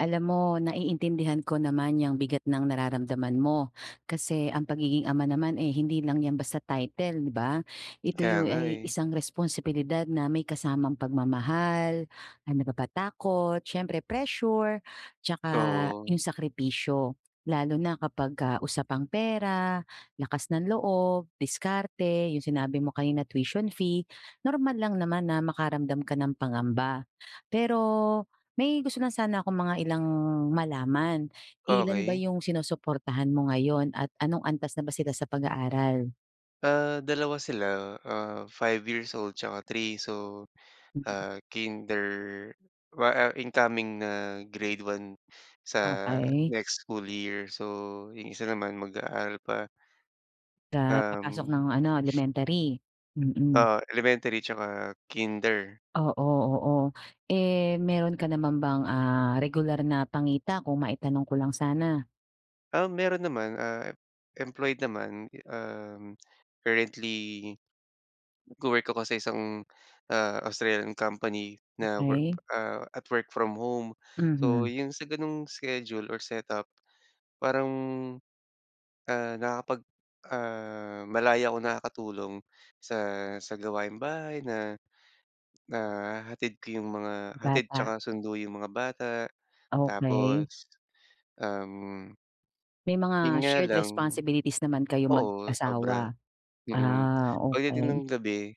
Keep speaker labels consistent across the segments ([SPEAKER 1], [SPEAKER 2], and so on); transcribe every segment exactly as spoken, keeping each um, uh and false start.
[SPEAKER 1] Alam mo, naiintindihan ko naman yang bigat ng nararamdaman mo, kasi ang pagiging ama naman, eh, hindi lang 'yan basta title, di ba? Ito
[SPEAKER 2] Kaya
[SPEAKER 1] yung
[SPEAKER 2] nga,
[SPEAKER 1] ay
[SPEAKER 2] eh.
[SPEAKER 1] isang responsibilidad na may kasamang pagmamahal, ano pa ba? Takot, siyempre, pressure, 'tsaka
[SPEAKER 2] Oo.
[SPEAKER 1] yung sakripisyo. Lalo na kapag ka usapang pera, lakas ng loob, diskarte, yung sinabi mo kanina, tuition fee. Normal lang naman na makaramdam ka ng pangamba. Pero may gusto lang sana akong mga ilang malaman. Ilan ba
[SPEAKER 2] Okey.
[SPEAKER 1] yung sinusuportahan mo ngayon at anong antas na ba sila sa pag-aaral?
[SPEAKER 2] Ah, dalawa sila. Ah, five years old 'tsaka three. So,
[SPEAKER 1] Mhm.
[SPEAKER 2] ah, kinder wa ah, incoming na grade one sa
[SPEAKER 1] Okey.
[SPEAKER 2] next school year. So, yung isa naman mag-aaral pa.
[SPEAKER 1] Sa papasok
[SPEAKER 2] Uhm.
[SPEAKER 1] ng ano, elementary? Mm.
[SPEAKER 2] Ah, elementary 'tsaka kinder.
[SPEAKER 1] Oo, oo. Eh, mayro'n ka naman bang, ah, regular na pangita, kung maitanong ko lang sana?
[SPEAKER 2] Uhm, meron naman. Ah, employed naman. Uhm, currently nagwo-work ako sa isang ah, Australian company na work
[SPEAKER 1] Okey.
[SPEAKER 2] ah, at-work-from-home. So,
[SPEAKER 1] Mhm.
[SPEAKER 2] yung sa ganong schedule or set up, parang, ah, nakakapag ah, malaya akong nakakatulong sa sa gawaing bahay na nahahatid ko yung mga hatid
[SPEAKER 1] Bata.
[SPEAKER 2] 'tsaka sundo yung mga bata,
[SPEAKER 1] Okey.
[SPEAKER 2] tapos, um
[SPEAKER 1] May
[SPEAKER 2] 'yon
[SPEAKER 1] mga
[SPEAKER 2] nga
[SPEAKER 1] shared
[SPEAKER 2] lang
[SPEAKER 1] responsibilities naman kayong
[SPEAKER 2] Oo, sobra.
[SPEAKER 1] mag-asawa?
[SPEAKER 2] Mm.
[SPEAKER 1] Ah,
[SPEAKER 2] Pagdating ng
[SPEAKER 1] okey.
[SPEAKER 2] gabi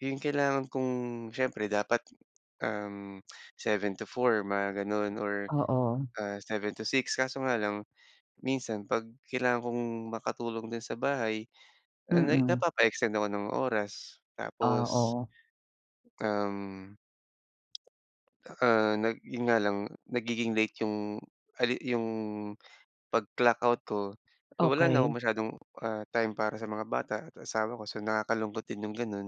[SPEAKER 2] yung kailangan kong siyempre dapat, uhm, seven to four mga ganon or
[SPEAKER 1] Oo.
[SPEAKER 2] ah, seven to six, kaso nga lang minsan, 'pag kailangan kong makatulong din sa bahay, ah na
[SPEAKER 1] Mm.
[SPEAKER 2] napapa-extend ako ng oras.
[SPEAKER 1] Ah,
[SPEAKER 2] Tapos
[SPEAKER 1] oo.
[SPEAKER 2] uhm, tsaka nag 'yon nga lang, nagiging late yung a late yung, pag clock out ko. So, wala na akong
[SPEAKER 1] Okey.
[SPEAKER 2] masyadong, ah, time para sa mga bata at asawa ko. So, nakakalungkot din yung ganon.